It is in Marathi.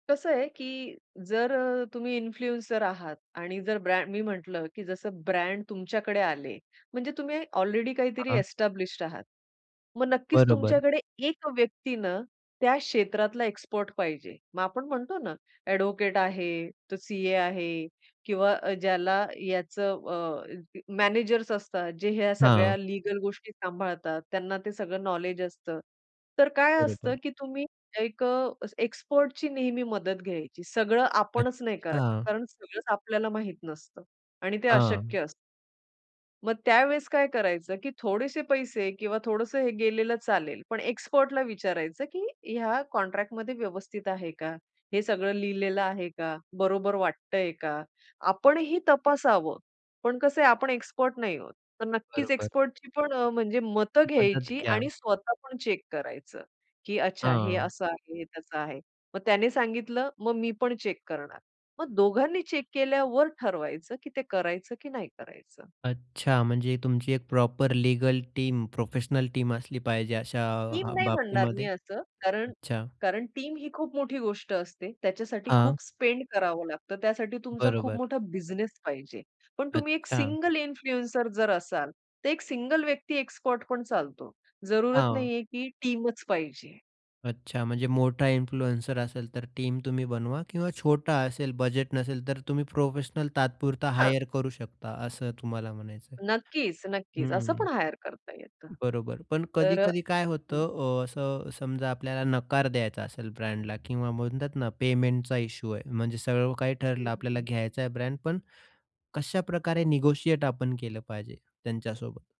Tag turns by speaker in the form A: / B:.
A: कसं आहे, की जर अ, तुम्ही इन्फ्लुएन्सर आहात आणि जर ब्रँ मी म्हटलं की जसं ब्रँड तुमच्याकडे आले. म्हणजे तुम्ही ऑलरेडी काहीतरी
B: हां.
A: एस्टॅब्लिश्ड आहात. मग नक्कीच
B: बरोबर.
A: तुमच्याकडे एक व्यक्ती ना, त्या क्षेत्रातला एक्सपर्ट पाहिजे. मग आपण म्हणतो ना, ॲडव्होकेट आहे, तो सीए आहे किंवा ज्याला याचं अ, मॅनेजर्स असतात जे ह्या
B: हां.
A: सगळ्या लीगल गोष्टी सांभाळतात. त्यांना ते सगळं नॉलेज असतं. तर काय असतं
B: बरोबर.
A: की तुम्ही एक अ, एक्सपर्टची नेहमी मदत घ्यायची. सगळं आपणच नाही करायचं.
B: अच्छा!
A: कारण सगळंच आपल्याला माहित नसतं. आणि ते अशक्य
B: हां.
A: असतं. मग त्यावेळेस काय करायचं, की थोडेसे पैसे किंवा थोडंसं हे गेलेलं चालेल पण एक्सपर्टला विचारायचं, की ह्या कॉन्ट्रॅक्टमध्ये व्यवस्थित आहे का? हे सगळं लिहिलेलं आहे का? बरोबर वाटतंय का? आपणही तपासावं. पण कसं आहे, आपण एक्सपर्ट नाही आहोत. तर नक्कीच
B: बरोबर.
A: एक्सपर्टची पण अ, म्हणजे मतं
B: मदत
A: घ्यायची
B: घ्या.
A: आणि स्वतः पण चेक करायचं. की अच्छा हे
B: हां.
A: असं आहे, तसं आहे. मग त्याने सांगितलं, मग मी पण चेक करणार. मग दोघांनी चेक केल्यावर ठरवायचं, की ते करायचं की नाही करायचं.
B: अच्छा. म्हणजे तुमची एक proper legal team, professional team असली पाहिजे अशा
A: टीम
B: अ,
A: नाही म्हणणार मी
B: बाबतीमध्ये?
A: असं. कारण
B: अच्छा.
A: कारण टीम ही खूप मोठी गोष्ट असते. त्याच्यासाठी
B: हां.
A: खूप स्पेंड करावं लागतं. त्यासाठी तुमचा खूप
B: बरोबर.
A: मोठा बिझनेस पाहिजे. पण तुम्ही एक
B: अच्छा.
A: सिंगल इन्फ्लुएन्सर जर असाल, तर एक सिंगल व्यक्ती एक्स्पर्ट पण चालतो. जरुरत
B: हां.
A: नाहीये की टीमच पाहिजे.
B: अच्छा. म्हणजे मोठा इन्फ्लुएन्सर असेल तर टीम तुम्ही बनवा किंवा छोटा असेल, बजेट नसेल, तर तुम्ही प्रोफेशनल तात्पुरता
A: हां.
B: हायर करू शकता, असं तुम्हाला म्हणायचं आहे.
A: नक्कीच, नक्कीच. असं
B: हं.
A: पण हायर करता येतं.
B: बरोबर पण
A: तर अ,
B: कधी-कधी काय
A: हं.
B: होतं अ, असं समजा आपल्याला नकार द्यायचा असेल ब्रँडला किंवा म्हणतात ना, पेमेंटचा इश्यू आहे. म्हणजे सगळं काही
A: हं,
B: ठरलं. आपल्याला
A: हं.
B: घ्यायचा आहे ब्रँड. पण कशाप्रकारे निगोशिएट आपण केलं पाहिजे त्यांच्यासोबत?